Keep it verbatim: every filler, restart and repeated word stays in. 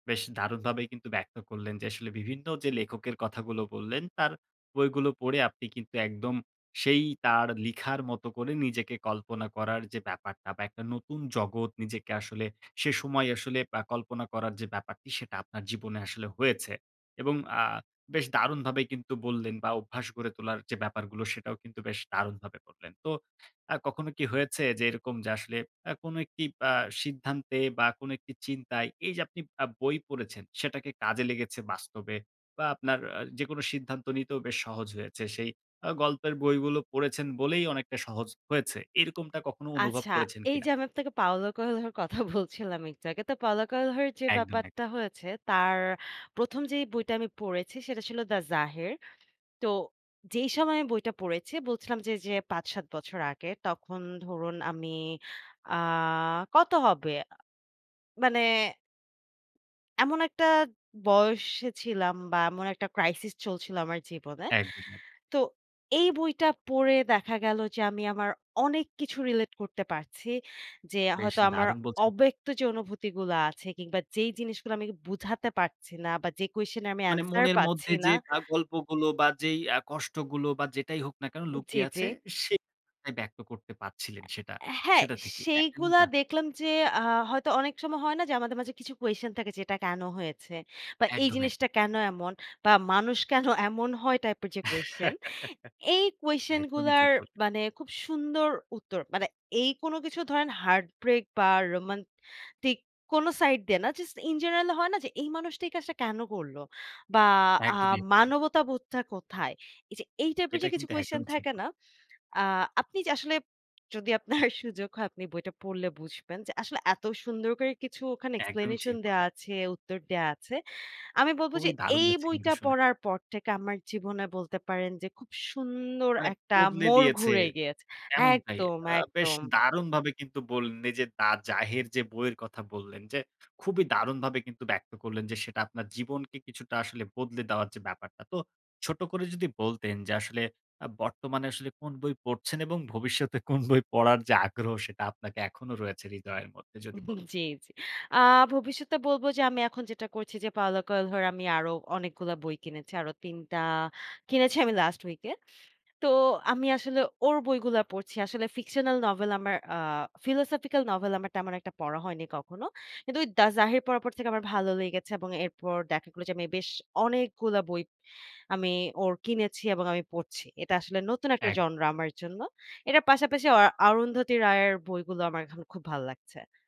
বেশ দারুণভাবেই কিন্তু ব্যক্ত করলেন যে আসলে বিভিন্ন যে লেখকের কথাগুলো বললেন, তার বইগুলো পড়ে আপনি কিন্তু একদম সেই তার লিখার মতো করে নিজেকে কল্পনা করার যে ব্যাপারটা বা একটা নতুন জগৎ নিজেকে আসলে সে সময় আসলে আ কল্পনা করার যে ব্যাপারটি সেটা আপনার জীবনে আসলে হয়েছে। এবং আ বেশ দারুণভাবেই কিন্তু বললেন বা অভ্যাস গড়ে তোলার যে ব্যাপারগুলো সেটাও কিন্তু বেশ দারুণভাবে বললেন! তো আ কখনো কি হয়েছে যে এরকম যে আসলে আ কোন একটি আ সিদ্ধান্তে বা কোন একটি চিন্তায় এই যে আপনি আ বই পড়েছেন সেটাকে কাজে লেগেছে বাস্তবে? বা আপনার আ যেকোনো সিদ্ধান্ত নিতেও বেশ সহজ হয়েছে। সেই আ গল্পের বইগুলো পড়েছেন বলেই অনেকটা সহজ হয়েছে। এরকমটা কখনো অনুভব আচ্ছা, করেছেন এই যে কিনা? আমি আপনাকে Paulo Coelho এর কথা বলছিলাম একটু আগে। তো Paulo Coelho যে একদম, এক ব্যাপারটা হয়েছে, তার প্রথম যেই বইটা আমি পড়েছি সেটা ছিল 'The Zahir' তো, যেই সময়ে বইটা পড়েছি বলছিলাম যে, যে পাঁচ-সাত বছর আগে তখন ধরুন আমি আ কত হবে? আ মানে এমন একটা বয়সে ছিলাম বা এমন একটা crisis চলছিল আমার জীবনে। একদমই। তো এই বইটা পড়ে দেখা গেল যে আমি আমার অনেক কিছু relate করতে পারছি। যে বেশ হয়তো আমার দারুণ বলছেন! অব্যক্ত যে অনুভূতিগুলো আছে কিংবা যেই জিনিসগুলো আমি বুঝাতে পারছি না বা যে question এর মানে answer মনের মধ্যে পাচ্ছি যে না আ গল্পগুলো বা যেই আ কষ্টগুলো বা যেটাই হোক না কেন জি, লুকিয়ে জি। আছে সে [unintelligible] ব্যক্ত করতে পারছিলেন সেটা অ্যা হ্যাঁ সেটা থেকেই। সেইগুলা [unintelligible] দেখলাম যে আ হয়তো অনেক সময় হয় না যে আমাদের মাঝে কিছু question থাকে যে, "এটা কেন হয়েছে?" বা "এই একদম, একদম। জিনিসটা কেন এমন?" বা "মানুষ কেন এমন হয়?" টাইপের যে question। এই question একদমই গুলার ঠিক বল মানে খুব সুন্দর উত্তর। মানে এই কোন কিছু ধরেন heart break বা roman-tic কোন side দিয়ে না। just in general হয় না যে, "এই মানুষটা এই কাজটা কেন করলো?" বা "আ একদমই, একদমই। মানবতাবোধটা কোথায়?" এই যে এই type এর এটা যে কিছু কিন্তু question একদমই ঠিক থাকে বল না? আ আপনি যে আসলে যদি আপনার সুযোগ হয় আপনি বইটা পড়লে বুঝবেন যে আসলে এত সুন্দর করে কিছু ওখানে একদমই explanation ঠিক দেয়া বললেন! আছে, উত্তর দেওয়া আছে। আমি বলব খুবই যে, দারুণ "এই লাগছে কিন্তু বইটা শুনে! পড়ার পর থেকে আমার জীবনে বলতে পারেন যে খুব সুন্দর মানে একটা বদলে মোড় দিয়েছে। ঘুরে গিয়েছ" এমনটাই একদম, আ বেশ একদম! দারুণভাবে কিন্তু বললেন এই যে 'The Zahir' যে বইয়ের কথা বললেন যে খুবই দারুণভাবে কিন্তু ব্যক্ত করলেন যে সেটা আপনার জীবনকে কিছুটা আসলে বদলে দেওয়ার যে ব্যাপারটা। তো ছোট করে যদি বলতেন যে আসলে আ বর্তমানে আসলে কোন বই পড়ছেন এবং ভবিষ্যতে কোন বই পড়ার যে আগ্রহ সেটা আপনাকে এখনো রয়েছে হৃদয়ের মধ্যে? যদি বলতেন। জি, জি। আ ভবিষ্যতে বলব যে আমি এখন যেটা করছি যে Paulo Coelho এর আমি আরো অনেকগুলা বই কিনেছি। আরো তিন টা কিনেছি আমি last week এ। তো আমি আসলে ওর বইগুলা পড়ছি। আসলে fictional novel আমার আ philosophical novel আমার তেমন একটা পড়া হয়নি কখনো। কিন্তু ওই 'The Zahir' পড়ার পর থেকে আমার ভালো লেগেছে এবং এরপর দেখা গেলো যে আমি বেশ অনেকগুলা বই আমি ওর কিনেছি এবং আমি পড়ছি। এটা আসলে নতুন একটা এক genre আমার জন্য। এটার পাশাপাশি অ Arundhati Roy এর বইগুলো আমার খ খুব ভাল্লাগছে।